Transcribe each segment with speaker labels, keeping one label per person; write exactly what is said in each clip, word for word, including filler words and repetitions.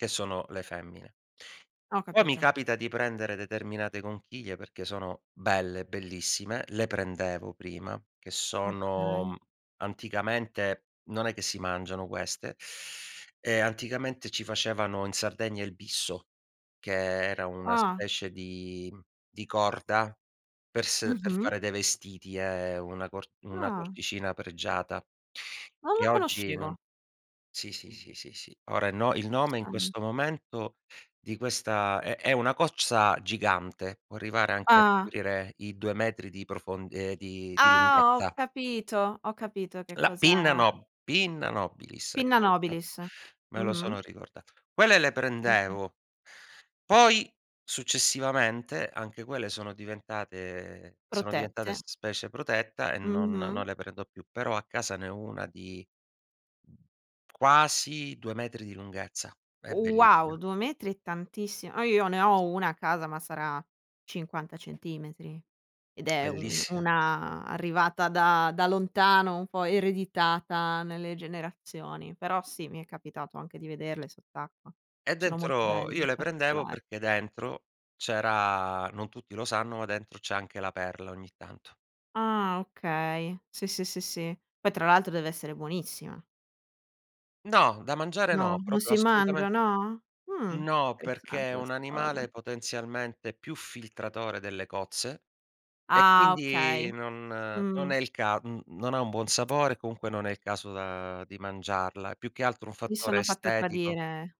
Speaker 1: Che sono le femmine.
Speaker 2: Ho
Speaker 1: Poi mi
Speaker 2: capito.
Speaker 1: capita di prendere determinate conchiglie perché sono belle, bellissime. Le prendevo prima, che
Speaker 2: Okay.
Speaker 1: sono anticamente, non è che si mangiano queste. Ehm, anticamente ci facevano in Sardegna il bisso, che era una
Speaker 2: Ah.
Speaker 1: specie di mhmm, di corda per s per
Speaker 2: Mh-mh.
Speaker 1: fare dei vestiti, è una cor una
Speaker 2: Ah.
Speaker 1: cordicina pregiata
Speaker 2: Non
Speaker 1: che
Speaker 2: lo
Speaker 1: oggi non
Speaker 2: conoscevo.
Speaker 1: sì, sì, sì, sì. Ora i no il nome in
Speaker 2: Interessante.
Speaker 1: questo momento di questa è è una cocza gigante, può arrivare anche a
Speaker 2: Ah.
Speaker 1: coprire i due metri di profond ehm, di di
Speaker 2: Ah! Ho
Speaker 1: lunghezza.
Speaker 2: capito. Ho capito che
Speaker 1: La pinna
Speaker 2: cosa
Speaker 1: no Pinna nobilis,
Speaker 2: Pinna
Speaker 1: ecco,
Speaker 2: nobilis.
Speaker 1: [unintelligible] me lo
Speaker 2: Mh-mh.
Speaker 1: sono ricordato. Quelle le
Speaker 2: Eh sì.
Speaker 1: prendevo. Poi successivamente anche quelle sono diventate sono diventate s
Speaker 2: Protette.
Speaker 1: specie protetta e non non
Speaker 2: Mh-mh.
Speaker 1: le prendo più. Però a casa ne ho una di, mhmm, quasi due metri di lunghezza. È bellissima.
Speaker 2: Wow, due metri è tantissimo. Eh, io ne ho una a casa, ma sarà cinquanta centimetri ed è u u
Speaker 1: Bellissima.
Speaker 2: una arrivata da da lontano, un po' ereditata nelle generazioni. Però sì, mi è capitato anche di vederle sott'acqua.
Speaker 1: E
Speaker 2: Sono molto
Speaker 1: dentro io
Speaker 2: belle,
Speaker 1: le prendevo
Speaker 2: particolar
Speaker 1: perché dentro c'era non tutti lo sanno, ma dentro c'è anche la perla ogni tanto.
Speaker 2: Ah, okay. Sì, sì, sì, sì. Poi tra l'altro deve essere buonissima.
Speaker 1: No, da mangiare
Speaker 2: No,
Speaker 1: no,
Speaker 2: non
Speaker 1: propio
Speaker 2: si
Speaker 1: assolutamen
Speaker 2: mangia, no? Mh,
Speaker 1: No,
Speaker 2: interessante
Speaker 1: perché è un
Speaker 2: questa
Speaker 1: animale
Speaker 2: cosa.
Speaker 1: potenzialmente più filtratore delle cozze, e
Speaker 2: Ah,
Speaker 1: quindi
Speaker 2: okay.
Speaker 1: non non
Speaker 2: Mh.
Speaker 1: è il ca mhmm, non ha un buon sapore, e comunque non è il caso, uhm, di mangiarla. È più che altro un
Speaker 2: Mi
Speaker 1: fattore
Speaker 2: sono fatta
Speaker 1: estetico.
Speaker 2: tradire.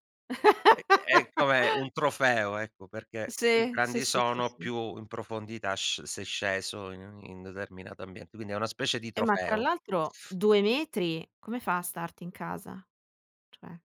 Speaker 1: È è è come un trofeo, ecco, perché più
Speaker 2: Sì, sì,
Speaker 1: grandi
Speaker 2: sì, sì,
Speaker 1: sono,
Speaker 2: sì.
Speaker 1: più in profondità sc sei sceso in un in un determinato ambiente. Quindi è una specie di
Speaker 2: Eh, ma tra
Speaker 1: trofeo, e
Speaker 2: l'altro due metri come fa a starti in casa? Cioè